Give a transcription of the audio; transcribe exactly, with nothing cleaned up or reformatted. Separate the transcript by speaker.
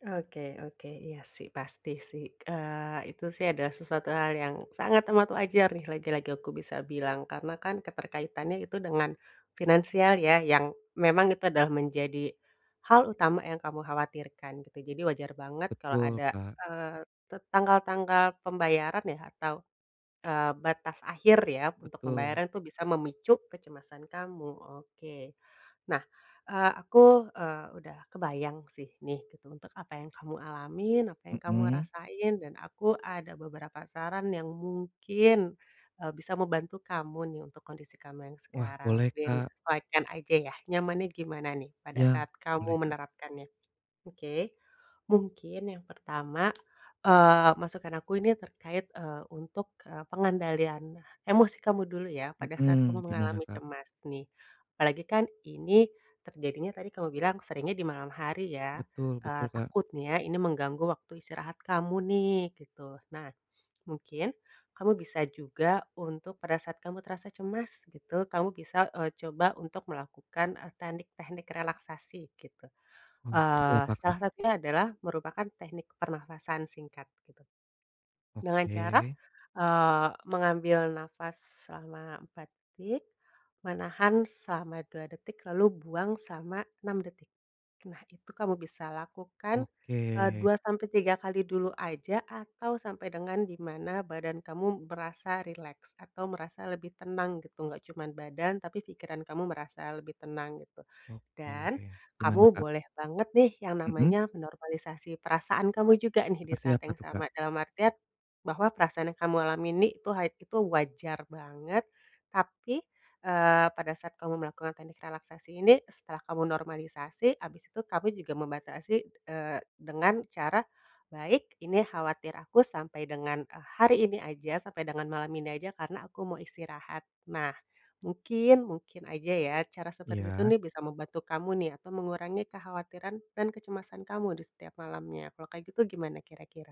Speaker 1: Oke oke, iya sih, pasti sih, eee, itu sih adalah sesuatu hal yang sangat amat wajar nih lagi-lagi aku bisa bilang, karena kan keterkaitannya itu dengan finansial ya yang memang itu adalah menjadi hal utama yang kamu khawatirkan, gitu. Jadi wajar banget kalo
Speaker 2: Betul,
Speaker 1: ada,
Speaker 2: Kak.
Speaker 1: eee, set tanggal-tanggal pembayaran ya atau, eee, batas akhir ya untuk
Speaker 2: Betul.
Speaker 1: pembayaran tuh bisa memicu kecemasan kamu, oke. Nah, eee, aku, eee, udah kebayang sih nih gitu untuk apa yang kamu alamin, apa yang kamu
Speaker 2: Mhm.
Speaker 1: rasain, dan aku ada beberapa saran yang mungkin, eee, bisa membantu kamu nih untuk kondisi kamu yang
Speaker 2: Wah
Speaker 1: sekarang,
Speaker 2: boleh,
Speaker 1: dan
Speaker 2: Kak.
Speaker 1: disesuaikan aja ya nyamannya gimana nih, pada
Speaker 2: Iya,
Speaker 1: saat kamu
Speaker 2: boleh, Kak.
Speaker 1: menerapkannya. Oke, mungkin yang pertama, eee, masukan aku ini terkait, eee, untuk, eee, pengendalian emosi kamu dulu ya pada saat kamu
Speaker 2: Mhm, gimana,
Speaker 1: mengalami
Speaker 2: Kak?
Speaker 1: cemas nih, apalagi kan ini terjadinya tadi kamu bilang seringnya di malam hari ya,
Speaker 2: Betul
Speaker 1: eee,
Speaker 2: betul Kak.
Speaker 1: takutnya ini mengganggu waktu istirahat kamu nih, gitu. Nah mungkin kamu bisa juga untuk pada saat kamu terasa cemas gitu, kamu bisa, eee, coba untuk melakukan, e teknik-teknik relaksasi gitu,
Speaker 2: Oh, seperti
Speaker 1: eee,
Speaker 2: apa, Kak?
Speaker 1: salah satunya adalah merupakan teknik pernapasan singkat gitu dengan cara,
Speaker 2: Oke.
Speaker 1: eee, mengambil napas selama empat detik, menahan selama dua detik, lalu buang selama enam detik. Nah itu kamu bisa lakukan, eee,
Speaker 2: Oke.
Speaker 1: dua sampai tiga kali dulu aja atau sampai dengan di mana badan kamu merasa rileks, atau merasa lebih tenang, gitu. Gak cuman badan tapi pikiran kamu merasa lebih tenang gitu,
Speaker 2: Oke,
Speaker 1: dan kamu
Speaker 2: gimana, Kak?
Speaker 1: boleh banget nih yang
Speaker 2: Mhm.
Speaker 1: namanya, menormalisasi perasaan kamu juga nih di
Speaker 2: Seperti
Speaker 1: saat
Speaker 2: apa
Speaker 1: yang
Speaker 2: tuh, Kak?
Speaker 1: sama, dalam artian bahwa perasaan yang kamu alami nih itu ha itu wajar banget tapi, eee, pada saat kamu melakukan teknik relaksasi ini, setelah kamu normalisasi, habis itu kami juga membatasi, eee, dengan cara, "Baik ini khawatir aku sampai dengan, eee, hari ini aja, sampai dengan malam ini aja karena aku mau istirahat." Nah mungkin mungkin aja ya cara seperti itu
Speaker 2: Iya.
Speaker 1: nih bisa membantu kamu nih atau mengurangi kekhawatiran dan kecemasan kamu di setiap malamnya, kalau kayak gitu gimana kira-kira?